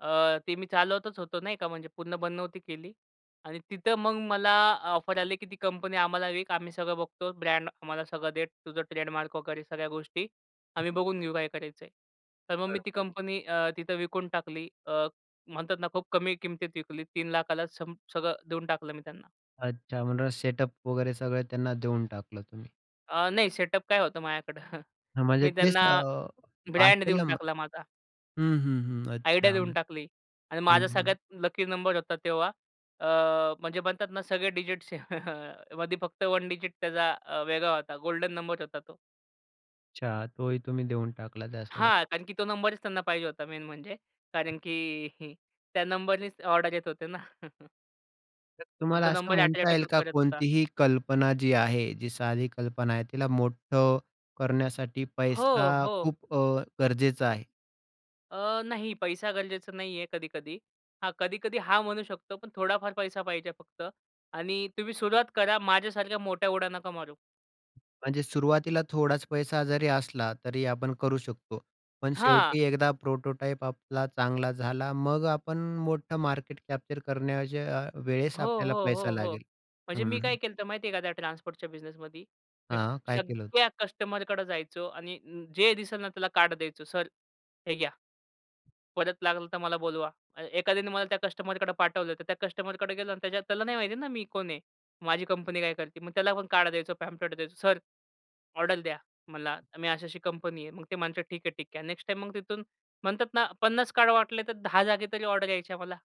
अ, ते मी चालवतच होतो नाही का. म्हणजे पूर्ण बंद नव्हती केली. आणि तिथं मग मला अ, ऑफर आली, की ती कंपनी आम्हाला विक. आम्ही सगळं बघतो, ब्रँड आम्हाला सगळं दे, तुझं ट्रेडमार्क वगैरे सगळ्या गोष्टी. हं. आम्ही बघून घेऊ काय करायचं आहे. तर मग मी ती बरोबर. कंपनी अ, तिथं विकून टाकली. अ, म्हणतात ना, खूप कमी किमतीत विकली. 3 लाखाला संप सगळं देऊन टाकलं मी त्यांना. अच्छा, म्हणूनच सेटअप वगैरे सगळं त्यांना देऊन टाकलं तुम्ही. अ, नाही सेटअप काय होतं माझ्याकडं. हं, म्हणजे मी तेच त्यांना अ. ब्रँड पार्सल देऊन नंबर टाकला माझा. हं, हं, हं. आयडिया अच्छा, देऊन टाकली. आणि माझा हं. सगळ्यात लकी नंबर होता तेव्हा, अ, म्हणजे म्हणतात ना सगळे डिजिट्सचे, मध्ये फक्त वन डिजिट त्याचा अ, वेगळा होता. गोल्डन नंबर होता तो. अच्छा. तोही तुम्ही देऊन टाकला त्यासोबत. हां, कारण की तो नंबरच त्यांना पाहिजे होता मेन म्हणजे हं. कारण, की त्या नंबरनेच ऑर्डर येत होते ना. तर आणि तुम्हाला तो असं नंबर म्हणता अट्रॅक्ट येईल का, करत होता. कोणतीही कल्पना जी आहे, जी साधी कल्पना आहे. तिला मोठं करण्यासाठी हो, पैसा हो. खूप अ, गरजेचा आहे? अ, नाही पैसा गरजेचा नाहीये कधी-कधी. हां, कधी-कधी हां, म्हणू शकतो, पण थोडाफार पैसा पाहिजे फक्त आणि तुम्ही सुरुवात करा. माझ्यासारख्या मोठ्या उडा नका मारू. म्हणजे सुरुवातीला थोडाच पैसा जरी असला, तरी आपण करू शकतो. पण हां. शेवटी एकदा प्रोटोटाइप आपला चांगला झाला. मग आपण मोठा मार्केट कॅप्चर करण्याच्या वेळेस हो, आपल्याला हो, पैसा हो, हो. लागेल. म्हणजे मी काय हं. केलं तर माहितीये का त्या ट्रान्सपोर्टच्या बिझनेसमध्ये. मी हां, काय केलं होतं? सगळ्या कस्टमरकडे जायचो आणि जे दिसेल ना, त्याला कार्ड द्यायचो. सर, हे घ्या. परत लागलं तर मला बोलवा. एखाद्याने मला त्या कस्टमरकडे पाठवलं, तर त्या कस्टमरकडे गेलो आणि त्याच्यात त्याला नाही माहिती आहे ना मी कोण आहे? माझी कंपनी काय करते? मग त्याला पण कार्ड द्यायचो. पॅम्फलेट द्यायचो. सर, ऑर्डर द्या मला. मी, अशी अशी कंपनी आहे. मग ते म्हणतात, ठीक आहे. ठीक आहे. नेक्स्ट टाईम मग तिथून म्हणतात ना 50 कार्ड वाटले, तर दहा जागा तरी ऑर्डर यायच्या मला.